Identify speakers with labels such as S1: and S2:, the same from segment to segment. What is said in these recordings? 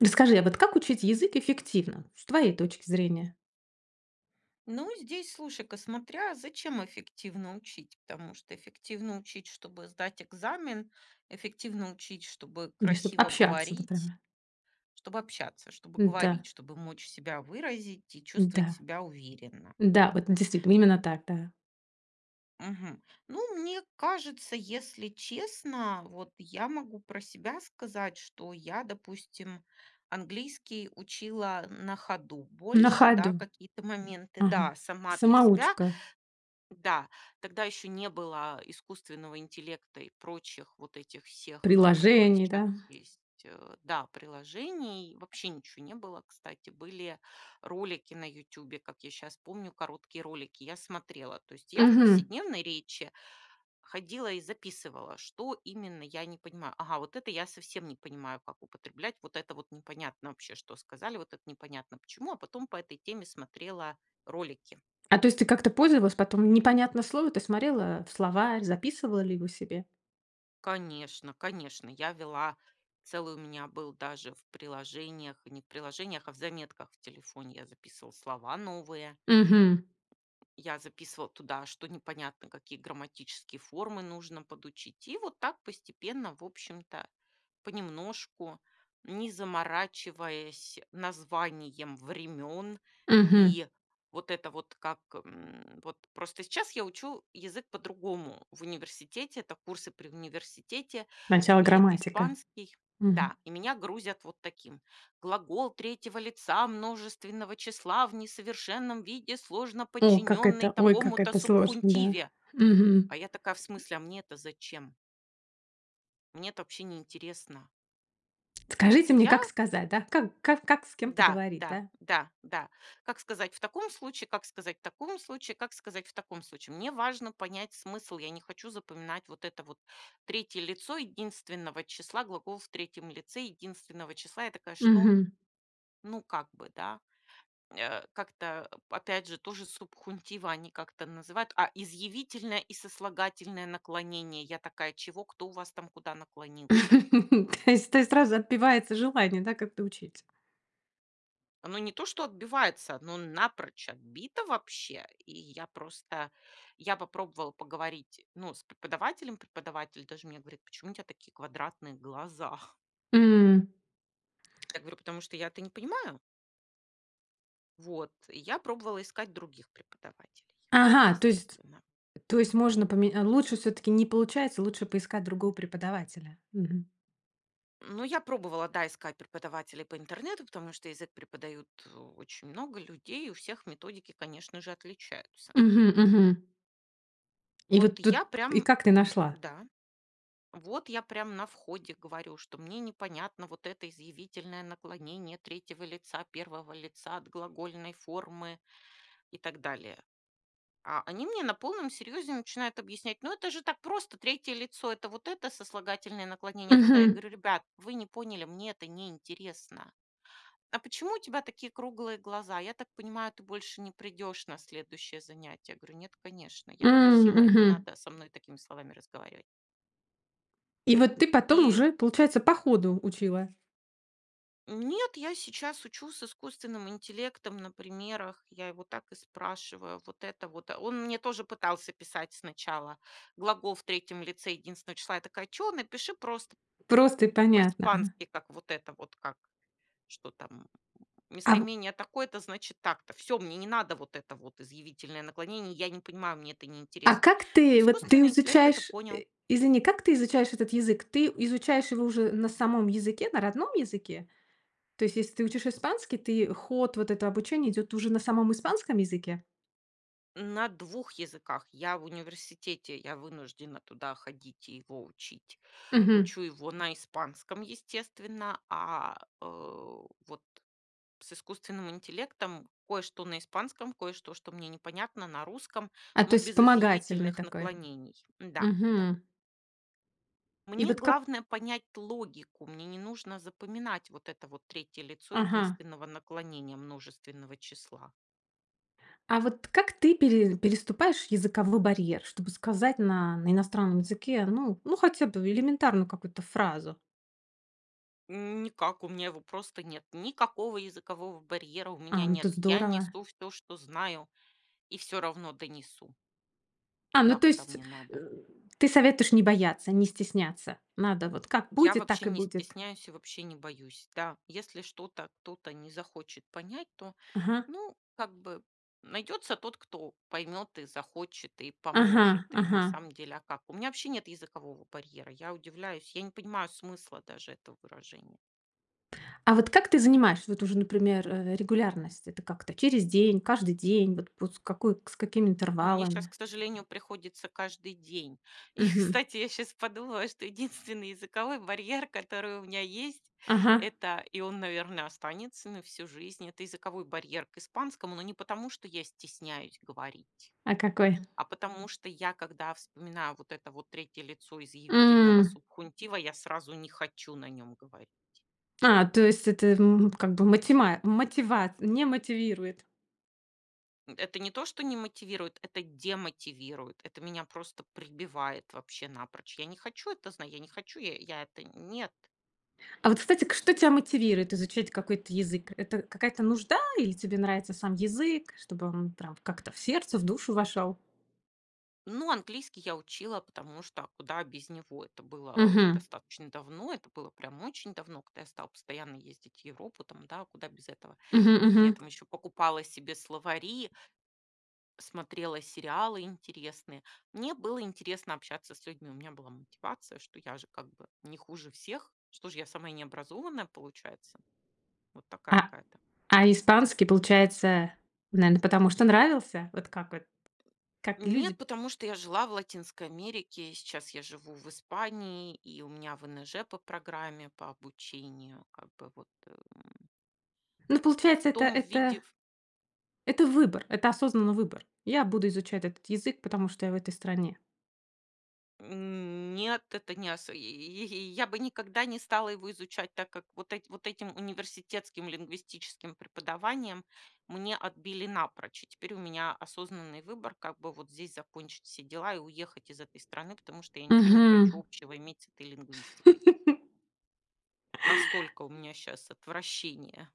S1: Расскажи, а вот как учить язык эффективно с твоей точки зрения?
S2: Ну, здесь слушай-ка, смотря зачем эффективно учить, потому что эффективно учить, чтобы сдать экзамен, эффективно учить, чтобы
S1: Или чтоб
S2: красиво
S1: общаться,
S2: говорить.
S1: например.
S2: Чтобы общаться, чтобы
S1: М-да.
S2: говорить, чтобы мочь себя выразить и чувствовать
S1: Да,
S2: себя уверенно.
S1: да, вот действительно именно так, да.
S2: Мгм. Ну, мне кажется, если честно, вот я могу про себя сказать, что я, допустим, английский учила, а, на ходу
S1: На
S2: больше, да,
S1: ходу,
S2: какие-то моменты.
S1: ага,
S2: Да, сама для себя
S1: самоучка.
S2: Да, тогда еще не было, э, искусственного интеллекта и прочих вот этих всех, э, которые
S1: Приложений,
S2: сейчас
S1: да.
S2: есть э, да, приложений. Вообще ничего не было, кстати, были ролики на "Ютюбе", как я щас помню, короткие ролики, я смотрела. То есть я в
S1: Мгм.
S2: повседневной речи ходила и записывала, что именно я не понимаю. Ага, вот это я совсем не понимаю, как употреблять. Вот это вот непонятно вообще, что сказали. Вот это непонятно почему. А потом по этой теме смотрела ролики.
S1: А, то есть ты как-то пользовалась, потом непонятное слово? Ты смотрела в словарь, записывала ли его себе?
S2: Конечно конечно, я вела, целый у меня был даже в приложениях, не в приложениях, а в заметках в телефоне. Я записывала слова новые.
S1: Мгм.
S2: Я записывала туда, что непонятно, какие грамматические формы нужно подучить. И вот так постепенно, в общем-то, понемножку, не заморачиваясь названием времен.
S1: Мгм.
S2: И вот это вот как, м, вот просто сейчас я учу язык по-другому в университете. Это курсы при университете,
S1: Начало
S2: и это
S1: грамматика.
S2: испанский
S1: Мгм.
S2: да, и меня грузят вот таким: глагол 3 лица множественного числа в несовершенном виде, сложно
S1: О, как
S2: подчиненный
S1: это, ой, как
S2: такому-то
S1: это сложно. Да.
S2: субхунтиве.
S1: Мгм.
S2: А я такая: "В смысле, а мне это зачем?" Мне это вообще не интересно.
S1: Скажите мне,
S2: Я?
S1: как сказать, да? Как ка как с кем-то
S2: Да
S1: говорить,
S2: да
S1: да?
S2: да да. Как сказать в таком случае, как сказать в таком случае, как сказать в таком случае. Мне важно понять смысл. Я не хочу запоминать вот это вот 3 лицо единственного числа, глагол в 3 лице единственного числа. Я такая: "Что?"
S1: Мгм.
S2: Ну, как бы, да, э, как-то, э, опять же, ту же субхунтива они как-то называют. А изъявительное и сослагательное наклонение? Я такая: "Чего? Кто у вас там наклонился?"
S1: То есть то есть сразу отбивается желание, да, как-то учить?
S2: Оно не то что отбивается, оно напрочь отбито вообще. И я просто я попробовала поговорить, ну, с преподавателем. Преподаватель даже мне говорит: "Почему у тя такие квадратные глаза?"
S1: М.
S2: Я говорю: "Потому что я это не понимаю". Вот. Я пробовала искать других преподавателей,
S1: Ага, то есть
S2: естественно.
S1: то есть можно поме лучше все-таки не получается, лучше поискать другого преподавателя, мгм.
S2: Ну, я пробовала, да, искать преподавателей по интернету, потому что язык преподают очень много людей. У всех методики, конечно же, отличаются.
S1: Мгм, мгм. И
S2: Вот
S1: вот тут,
S2: я
S1: и
S2: прям
S1: как ты нашла?
S2: да. Вот я прям на входе говорю, что мне непонятно вот это изъявительное наклонение 3 лица, 1 лица от глагольной формы и так далее. А они мне на полном серьезе начинают объяснять: "Ну это же так просто, 3 лицо, это вот это сослагательное наклонение, вот это". Я
S1: Мгм.
S2: говорю: "Ребят, вы не поняли, мне это не интересно". "А почему у тебя такие круглые глаза? Я так понимаю, ты больше не придешь на следующее занятие". Я говорю: "Нет, конечно. Я
S1: М,
S2: просила. Не
S1: мгм.
S2: надо со мной такими словами разговаривать".
S1: И вот ты потом
S2: И.
S1: уже, получается, по ходу учила.
S2: Нет, я сейчас учу с искусственным интеллектом на примерах. Я его так и спрашиваю. Вот это вот. Он мне тоже пытался писать сначала глагол в 3 лице единственного числа. Я такая: "Чё, напиши просто
S1: Просто и понятно. Ага.
S2: по-испански, как вот это вот, как что там
S1: А.
S2: местоимение такое-то, значит так-то". Всё, мне не надо вот это вот изъявительное наклонение. Я не понимаю, мне это не
S1: А
S2: интересно.
S1: как ты, вот ты
S2: Искусственный интеллект это
S1: изучаешь,
S2: понял.
S1: э, извини, как ты изучаешь этот язык? Ты изучаешь его уже на самом языке, на родном языке? То есть, если ты учишь испанский, ты ход вот это обучение идет уже на самом испанском языке?
S2: На 2 языках. Я в университете, я вынуждена туда ходить и его учить.
S1: Мгм.
S2: Учу его на испанском, естественно, а, э, вот с искусственным интеллектом кое-что на испанском, кое-что, что мне непонятно, на русском,
S1: А, то
S2: но
S1: есть
S2: без
S1: вспомогательный
S2: изъявительных
S1: такой.
S2: наклонений. Да, да.
S1: Мгм. И
S2: Мне
S1: вот как
S2: главное понять логику. Мне не нужно запоминать вот это вот 3 лицо
S1: Ага.
S2: единственного наклонения множественного числа.
S1: А вот как ты пере переступаешь языковой барьер, чтобы сказать на на иностранном языке ну ну хотя бы элементарную какую-то фразу?
S2: Никак. У меня его просто нет. Никакого языкового барьера у меня
S1: Ам, то
S2: нет! Я
S1: здорово.
S2: несу всё, что знаю, и всё равно донесу
S1: А, ну
S2: туда,
S1: то
S2: куда
S1: есть,
S2: мне
S1: э,
S2: надо.
S1: ты советуешь не бояться, не стесняться. Надо вот как
S2: Я
S1: будет, так
S2: вообще
S1: и
S2: не
S1: будет.
S2: стесняюсь и вообще не боюсь. Да, если что-то кто-то не захочет понять, то,
S1: Ага.
S2: ну, как бы найдется тот, кто поймет и захочет, и
S1: Ага
S2: поможет. И на
S1: ага.
S2: самом деле, а как? У меня вообще нет языкового барьера. Я удивляюсь, я не понимаю смысла даже этого выражения.
S1: А вот как ты занимаешься, вот уже, например, э, регулярность? Это как-то через день, каждый день? Вот вот с какой к с какими
S2: Ну, мне щас,
S1: интервалами?
S2: к сожалению, приходится каждый день. И,
S1: Мгм.
S2: кстати, я щас подумала, что единственный языковой барьер, который у меня есть,
S1: Ага.
S2: это- и он, наверно, останется на всю жизнь- это языковой барьер к испанскому, но не потому, что я стесняюсь говорить.
S1: А какой?
S2: А потому что я, когда вспоминаю вот это вот 3 лицо изъявительного
S1: М.
S2: субхунтива, я сразу не хочу на нём говорить.
S1: А, то есть это, м, как бы матима мотивац не мотивирует?
S2: М. Это не то, что не мотивирует, это демотивирует, это меня просто прибивает вообще напрочь. Я не хочу это знать, я не хочу, я это нет.
S1: А вот, кстати, что тебя мотивирует изучать какой-то язык? Это какая-то нужда или тебе нравится сам язык, чтобы он, там, как-то в сердце, в душу вошел?
S2: Ну, английский я учила, потому что, а куда без него. Это было
S1: Мгм.
S2: достаточно давно, это было прям очень давно, когда я стала постоянно ездить в Европу, там, да. А куда без этого?
S1: Мгм,
S2: Я
S1: мгм.
S2: там еще покупала себе словари. Смотрела сериалы интересные. Мне было интересно общаться с людьми. У меня была мотивация, что я же, как бы, не хуже всех. Что ж, я самая необразованная, получается? Вот такая
S1: А
S2: какая-то.
S1: а испанский, получается, наверно, потому что нравился? Вот как вот как
S2: Нет,
S1: люди?
S2: потому что я жила в Латинской Америке, и сейчас я живу в Испании, и у меня ВНЖ по программе, по обучению. Как бы вот, эм.
S1: Ну, получается,
S2: В
S1: это,
S2: том виде
S1: это
S2: ф
S1: это выбор, это осознанный выбор. Я буду изучать этот язык, потому что я в этой стране.
S2: М. Нет, это не осо и и и и. Я бы никогда не стала его изучать, так как вот эт вот этим университетским лингвистическим преподаванием мне отбили напрочь. И теперь у меня осознанный выбор, как бы вот здесь закончить все дела и уехать из этой страны, потому что я ничего не хочу
S1: Мгм.
S2: общего иметь с этой лингвистикой. Настолько у меня щас отвращение.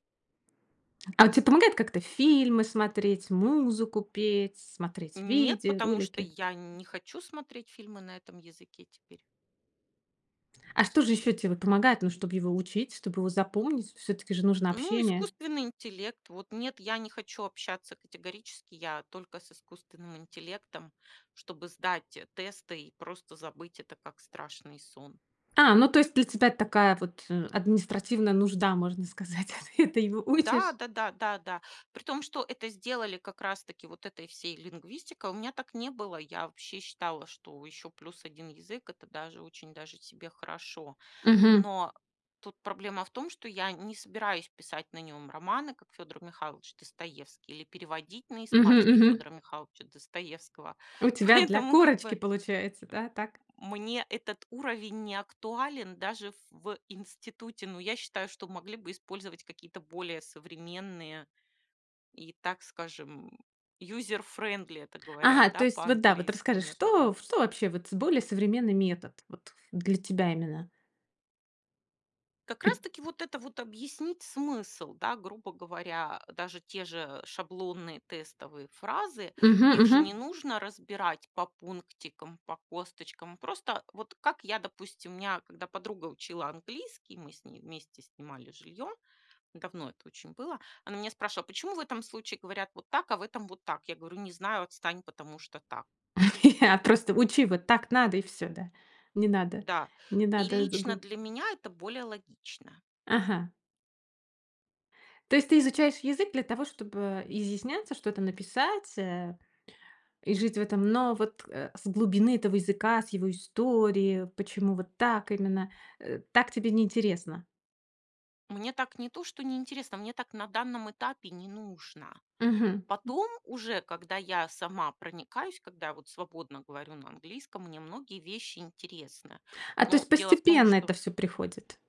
S1: А он те помогает как-то фильмы смотреть, музыку петь, смотреть
S2: Нет,
S1: видео,
S2: потому что
S1: ролики?
S2: я не хочу смотреть фильмы на этом языке теперь.
S1: А что же еще те помогает? Ну, чтоб его учить, чтоб его запомнить, всё-таки же нужно
S2: Ну,
S1: общение?
S2: искусственный интеллект. Вот нет, я не хочу общаться категорически. Я только с искусственным интеллектом, чтобы сдать, э, тесты и просто забыть это как страшный сон.
S1: А, ну то есть для тебя такая вот, э, административная нужда, можно сказать. Ты это его у учишь?
S2: Да да да да да, при том, что это сделали как раз-таки вот этой всей лингвистикой. У меня так не было. Я вообще считала, что еще плюс 1 язык- это даже очень даже себе хорошо,
S1: Мгм.
S2: но тут проблема в том, что я не собираюсь писать на нем романы, как Федор Михайлович Достоевский, или переводить на
S1: Мгм,
S2: испанский
S1: мгм.
S2: Федора Михайловича Достоевского.
S1: У тебя для
S2: Поэтому как
S1: корочки
S2: бы.
S1: получается, да, так?
S2: Мне этот уровень не актуален даже ф в институте. Но я считаю, что могли бы использовать какие-то более современные и, так скажем, user friendly, это
S1: Ага,
S2: говорят,
S1: то
S2: да,
S1: есть, вот, да, вот
S2: по-английски,
S1: расскажи,
S2: методы.
S1: что что вообще вот более современный метод вот для тебя именно?
S2: Как раз
S1: Пит
S2: таки вот это вот объяснить смысл, да, грубо говоря, э, даже те же шаблонные, тестовые фразы,
S1: Мгм,
S2: их же
S1: мгм.
S2: не нужно разбирать по пунктикам, по косточкам. Просто, вот как я, допустим, у меня когда подруга учила английский, мы с ней вместе снимали жилье, давно это очень было, она меня спрашивала: "Почему в этом случае говорят вот так, а в этом вот так?" Я говорю: "Не знаю. Отстань, потому что так".
S1: А, просто учи, вот так надо и всё, да. Не надо.
S2: Да,
S1: Не
S2: и
S1: надо
S2: лично
S1: згу
S2: для меня это более логично.
S1: Ага. То есть ты изучаешь язык для того, чтобы изъясняться, что-то написать, э, и жить в этом, но вот, э, с глубины этого языка, с его истории, почему вот так именно, э, так тебе не интересно?
S2: Мне так не то что не интересно, мне так на данном этапе не нужно.
S1: Мгм.
S2: Потом уже, когда я сама проникаюсь, когда вот я свободно говорю на английском, мне многие вещи интересны.
S1: А, то
S2: Но
S1: есть
S2: дело в том,
S1: постепенно
S2: что
S1: это всё приходит,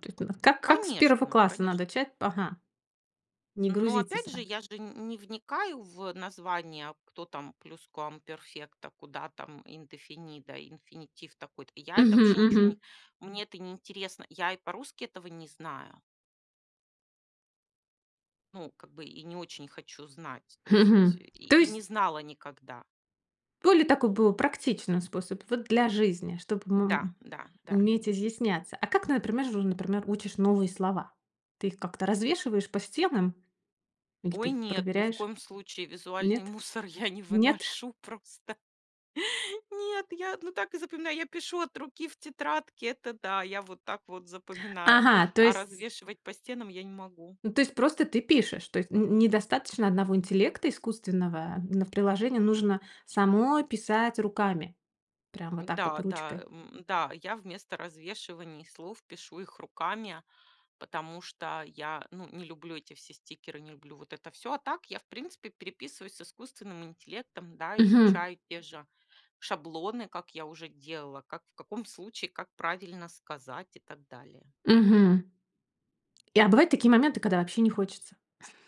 S1: то есть, [unintelligible] как как с 1
S2: Конечно
S1: класса надо
S2: конечно.
S1: чать ага. Не
S2: Но
S1: грузиться
S2: опять же,
S1: сра
S2: я же не не вникаю в название, кто там Pluscuamperfecto, куда там Indefinido, инфинитив такой-то. Я это
S1: Мгм,
S2: вообще ниче,
S1: мгм.
S2: не Мне это не интересно. Я и по-русски этого не знаю. Ну, как бы и не очень хочу знать, то
S1: Хм хм.
S2: есть и
S1: То
S2: и
S1: есть.
S2: не знала никогда.
S1: Более такой бу практичный способ вот для жизни, чтобы,
S2: Да
S1: му
S2: да да.
S1: уметь изъясняться. А как, например, например, учишь новые слова? Ты их как-то развешиваешь по стенам или ты
S2: Ой,
S1: их
S2: нет, ни в
S1: проверяешь?
S2: коем случае! Визуальный
S1: Нет?
S2: мусор я не
S1: Нет?
S2: выношу просто! Нет, я, ну, так и запоминаю. Я пишу от руки в тетрадке, это да, я вот так вот запоминаю,
S1: Ага! То
S2: а
S1: есть
S2: развешивать по стенам я не могу.
S1: Ну, то есть просто ты пишешь, то есть н н недостаточно одного интеллекта искусственного на приложении. Нужно самой писать руками, прямо вот так вот
S2: Да, да,
S1: ручкой.
S2: м, да, я вместо развешивания слов пишу их руками, потому что я, ну, не люблю эти все стикеры, не люблю вот это всё. А так я, в принципе, переписываюсь с искусственным интеллектом, да,
S1: Мгм.
S2: изучаю те же шаблоны, как я уже делала, как, в каком случае, как правильно сказать и так далее.
S1: Мгм. А бывают такие моменты, когда вообще не хочется.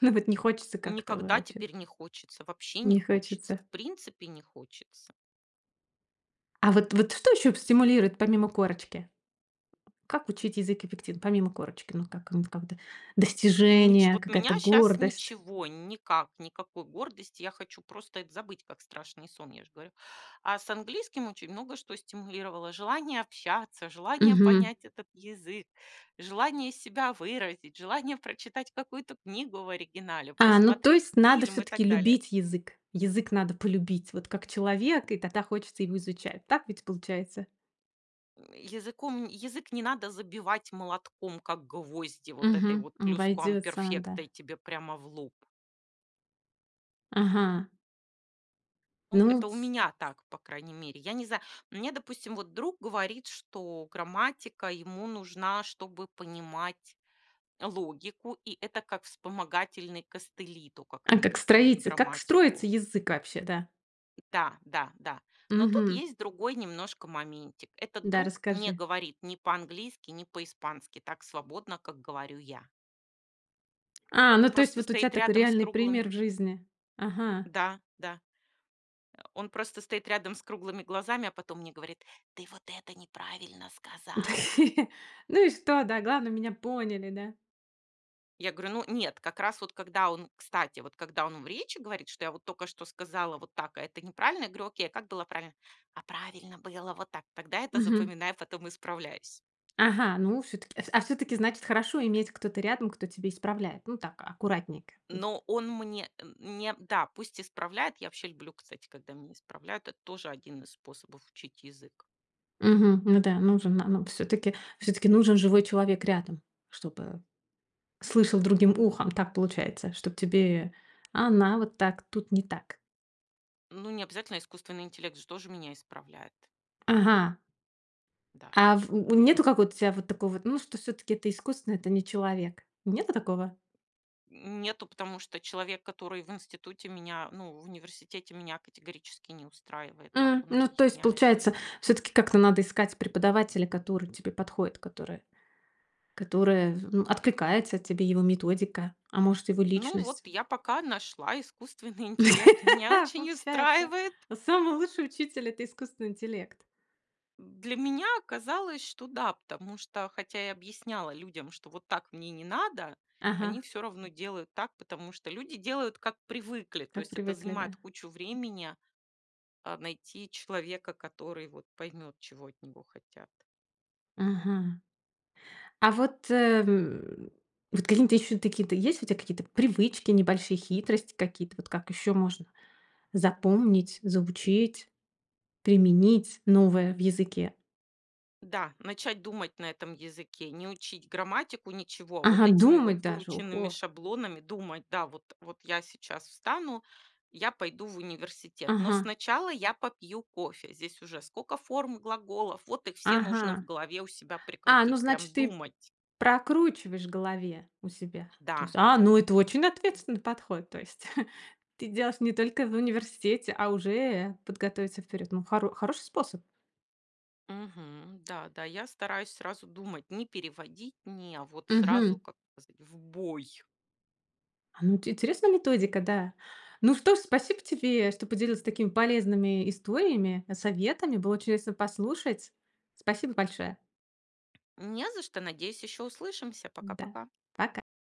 S1: Ну, вот не хочется как-то, вот
S2: Никогда
S1: вообще.
S2: теперь не хочется, вообще не
S1: Не
S2: хочется,
S1: хочется.
S2: в принципе не хочется.
S1: А вот вот что еще в стимулирует, помимо корочки? Как учить язык эффектив помимо корочки? Ну, как, ну вот, как ты.
S2: Н н н ничё
S1: Достижения,
S2: вот
S1: какая-то
S2: меня сейчас
S1: гордость.
S2: ничего, никак, никакой гордости. Я хочу просто это забыть, как страшный сон, я же говорю. А с английским очень много что стимулировало: желание общаться, желание
S1: Мгм.
S2: понять этот язык, желание себя выразить, желание прочитать какую-то книгу в оригинале,
S1: А, ну то
S2: посмотреть
S1: есть надо
S2: фильм и
S1: всё-таки
S2: так далее.
S1: любить язык. Язык надо полюбить, вот как человека, и тогда хочется его изучать. Так ведь получается?
S2: Языком язык не надо забивать молотком, как гвозди, вот этой
S1: Мгм.
S2: вот
S1: Обойдется,
S2: плюсквамперфекта
S1: да.
S2: и тебе прямо в лоб.
S1: Ага.
S2: Ну,
S1: Ну,
S2: это
S1: в
S2: у меня так, по крайней мере. Я не знаю, мне, допустим, вот друг говорит, что грамматика ему нужна, чтобы понимать логику, и это как вспомогательный костыли, то как
S1: А
S2: они
S1: как
S2: преподают
S1: строится, как строится
S2: грамматику.
S1: язык вообще, да?
S2: Да, да, да. Но тут
S1: Мгм.
S2: есть другой немножко моментик. Этот
S1: Да,
S2: друг не
S1: расскажи.
S2: говорит ни по-английски, ни по-испански так свободно, как говорю я.
S1: А, ну то есть
S2: Просто
S1: вот у тебя
S2: стоит
S1: такой
S2: рядом с
S1: реальный
S2: круглыми
S1: пример в жизни. Ага.
S2: Да да, он просто стоит рядом с круглыми глазами, а потом мне говорит: "Ты вот это неправильно сказала!"
S1: Ну и что? Да, главное, меня поняли, да.
S2: Я говорю: "Ну нет". Как раз вот когда он кстати, вот когда он в речи говорит, что я вот только что сказала вот так, а это неправильно, я говорю: "Окей, а как было правильно?" "А правильно было вот так". Тогда это
S1: Мгм.
S2: запоминаю, потом исправлюсь.
S1: Ага, ну всё-таки а всё-таки, значит, хорошо иметь кого-то рядом, кто тебя исправляет? Ну, так аккуратненько, м.
S2: Но он мне, м, не да пусть исправляет. Я вообще люблю, кстати, когда меня исправляют. Это тоже 1 из способов учить язык.
S1: Мгм. Ну да. Нужен, на на всё-таки всё-таки нужен живой человек рядом, чтобы слышал другим ухом. Так получается, чтоб тебе она вот так тут не так.
S2: Ну, не обязательно, искусственный интеллект же тоже меня исправляет.
S1: Ага.
S2: Да.
S1: А в в нет какого-то тебя вот такого, ну, что все-таки это искусственно, это не человек? Нету такого?
S2: Н нету, потому что человек, который в институте меня ну, в университете меня категорически не устраивает,
S1: У,
S2: как он
S1: ну то есть,
S2: объясняет, и
S1: получается, всё-таки как-то надо искать преподавателя, который тебе подходит, который которая, ну, в откликается тебе, его методика, а может, его
S2: Ну,
S1: личность.
S2: вот я пока нашла искусственный интеллект. Меня очень
S1: Получается,
S2: устраивает.
S1: самый лучший учитель- это искусственный интеллект.
S2: Для меня оказалось, что да, потому что, хотя я объясняла людям, что вот так мне не надо, они
S1: Ага.
S2: всё равно делают так, потому что люди делают, как привыкли. То
S1: Как
S2: есть это
S1: привыкли, да?
S2: занимает кучу времени, а, найти человека, который вот поймет, чего от него хотят.
S1: Ага. А вот, э, м, вот какие н то ещё такие-то есть у тя какие-то привычки, небольшие хитрости какие-то? Вот, как еще можно запомнить, заучить, применить новое в языке?
S2: Да, начать думать на этом языке. Не учить грамматику, ничего, а вот
S1: Ага,
S2: этими вот
S1: думать даже,
S2: выученными
S1: ого!
S2: шаблонами думать: "Да, вот вот я сейчас встану, я пойду в университет. Но
S1: Ага.
S2: сначала я попью кофе". Здесь уже сколько форм и глаголов, вот их все нужно в
S1: Ага,
S2: голове у себя
S1: а, ну,
S2: прикрутить, прям
S1: значит, ты
S2: думать.
S1: прокручиваешь в голове у себя, то
S2: Да
S1: есть. А,
S2: да.
S1: ну, это очень ответственный подход, то есть. Ты делаешь не только в университете, а уже подготовиться вперед, м, хоро хороший способ.
S2: Мгм. Да-да. Я стараюсь сразу думать, не переводить, не а вот сразу,
S1: Мгм.
S2: как сказать, в бой.
S1: А, ну, ти интересная методика, да! Ну что же, спасибо тебе, что поделилась такими полезными историями, э, советами. Было чудесно послушать! Спасибо большое!
S2: Не за что, надеюсь, еще услышимся.
S1: Да.
S2: Пока-пока!
S1: Пока.